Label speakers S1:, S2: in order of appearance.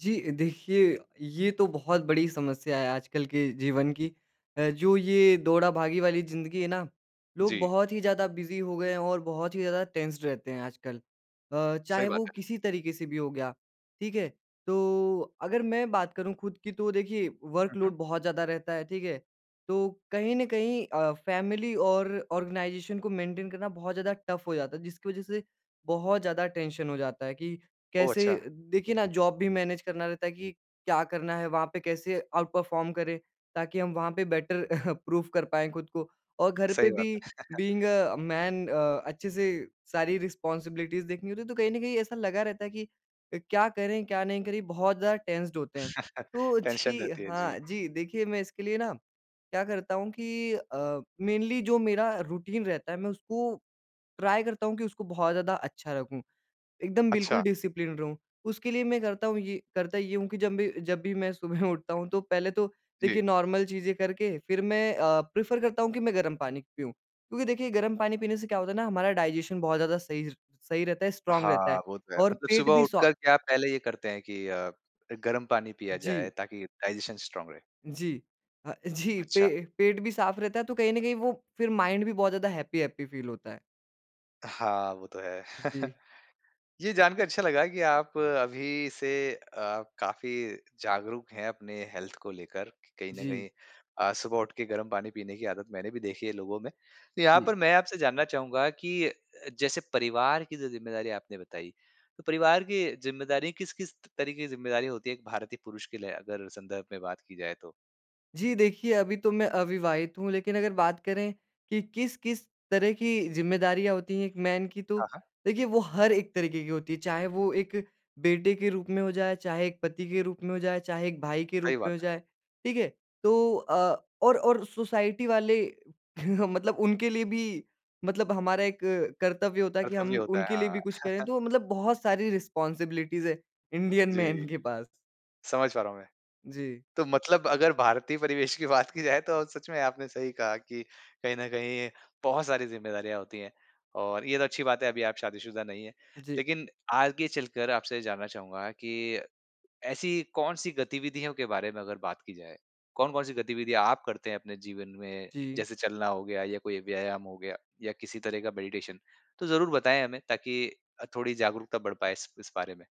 S1: जी, देखिए ये तो बहुत बड़ी समस्या है आजकल के जीवन की अ, जो ये दौड़ा-भागी वाली ज़िंदगी है ना, लोग
S2: जी।
S1: बहुत ही ज़्यादा बिज़ी हो गए हैं और बहुत ही ज़्यादा टेंस्ड रहते हैं आजकल। अ,
S2: सही
S1: चाहे वो
S2: बात है।
S1: किसी तरीक़े से भी हो गया। ठीक है? तो अगर मैं बात करूँ खुद की तो देखिए
S2: हुँ,
S1: वर्क
S2: हुँ।
S1: लोड बहुत ज़्यादा रहता है, ठीक है? तो कहीं न कहीं अ, फैमिली और आर्गेनाइज़ेशन को मेंटेन करना बहुत ज़्यादा टफ हो जाता है, जिसकी वजह से बहुत ज़्यादा टेंशन हो जाता है कि
S2: ओह,
S1: कैसे
S2: अच्छा।
S1: देखिए ना जॉब भी मैनेज करना रहता है कि क्या करना है वहाँ पे, कैसे और परफॉर्म करें, ताकि हम वहाँ पे बेटर प्रूफ कर पाए खुद को। और घर पे
S2: सही
S1: भी
S2: बात।
S1: बीइंग अ, मैन अ, अच्छे से सारी रिस्पांसिबिलिटीज़ देखनी होती है, तो कहीं न कहीं ऐसा लगा रहता है कि अ, क्या करें, क्या नहीं करें बहुत ज़्यादा टेंस्ड होते हैं। तो
S2: टेंशन
S1: जी
S2: रहती है, जी।
S1: हाँ जी, देखिए मैं इसके लिए ना क्या करता हूँ कि अ, मेनली जो मेरा रूटीन रहता है मैं उसको ट्राई करता हूँ कि उसको बहुत ज़्यादा अच्छा रखूँ, एकदम बिल्कुल
S2: अच्छा।
S1: डिसिप्लिनड रहूँ। उसके लिए मैं करता हूँ, ये करता ये हूँ कि जब भी जब भी मैं सुबह उठता हूँ तो पहले तो
S2: जी।
S1: देखिए नॉर्मल चीज़ें करके फिर मैं अ, प्रेफर करता हूँ कि मैं गरम पानी पियूँ, क्योंकि देखिए, गरम पानी पीने से क्या होता है ना हमारा डाइजेशन बहुत ज़्यादा सही र सही रहता है स्ट्राँग रहता
S2: हाँ,
S1: है
S2: वो तो है,
S1: और
S2: मतलब
S1: पेट
S2: सुबह
S1: भी सो
S2: उठकर क्या पहले ये करते हैं कि अ अ, गरम पानी पिया जाए,
S1: जी।
S2: ताकि डाइजेशन स्ट्रॉन्ग रहे?
S1: जी अ, जी,
S2: अच्छा।
S1: पे पेट भी साफ रहता है तो कहीं न कहीं वो फिर माइंड भी बहुत ज़्यादा हैप्पी-हैप्पी फील होता है।
S2: हाँ, वो तो है।
S1: जी।
S2: ये जान के अच्छा लगा कि आप अभी से अ, काफ़ी जागरूक हैं अपने हेल्थ को लेकर कहीं न
S1: जी।
S2: कहीं अ, सुबह उठ के गरम पानी पीने की आदत मैंने भी देखी है लोगों में। तो यहाँ
S1: जी।
S2: पर मैं आपसे जानना चाहूँगा कि जैसे परिवार की जो ज़िम्मेदारी आपने बताई, तो परिवार की ज़िम्मेदारियाँ किस-किस तरीक़े की ज़िम्मेदारियाँ होती है, एक भारतीय पुरुष के लिए अगर संदर्भ में बात की जाए तो?
S1: जी, देखिए अभी तो मैं अविवाहित हूँ, लेकिन अगर बात करें कि किस किस तरह की जिम्मेदारियाँ होती हैं एक मैन की, तो
S2: हाँ, हाँ।
S1: देखिए, वो हर एक तरीक़े की होती है, चाहे वो एक बेटे के रूप में हो जाए, चाहे एक पति के रूप में हो जाए, चाहे एक भाई के
S2: सही
S1: रूप में
S2: बात
S1: हो
S2: है।
S1: जाए। ठीक है? तो अ, और और सोसाइटी वाले मतलब उनके लिए भी मतलब हमारा एक कर्तव्य होता है कि
S2: कर्तव्य
S1: हम
S2: होता है,
S1: उनके लिए
S2: हाँ।
S1: भी कुछ करें, तो मतलब बहुत सारी रिस्पॉन्सिबिलिटीज़ है, इंडियन
S2: जी।
S1: मैन के पास।
S2: समझ पा रहा हूँ मैं,
S1: जी।
S2: तो मतलब अगर भारतीय परिवेश की बात की जाए तो सच में आपने सही कहा कि कहीं न कहीं बहुत सारी ज़िम्मेदारियाँ होती हैं। और ये तो अच्छी बात है अभी आप शादी-शुदा नहीं है।
S1: जी।
S2: लेकिन आगे चलकर आपसे जानना चाहूँगा कि ऐसी कौन-सी गतिविधियों के बारे में अगर बात की जाए, कौन-कौन सी गतिविधियाँ आप करते हैं अपने जीवन में
S1: जी।
S2: जैसे चलना हो गया या कोई व्यायाम हो गया या किसी तरह का मेडिटेशन तो ज़रूर बताएँ हमें ताकि अ, थोड़ी जागरूकता बढ़ पाए इस इस बारे में।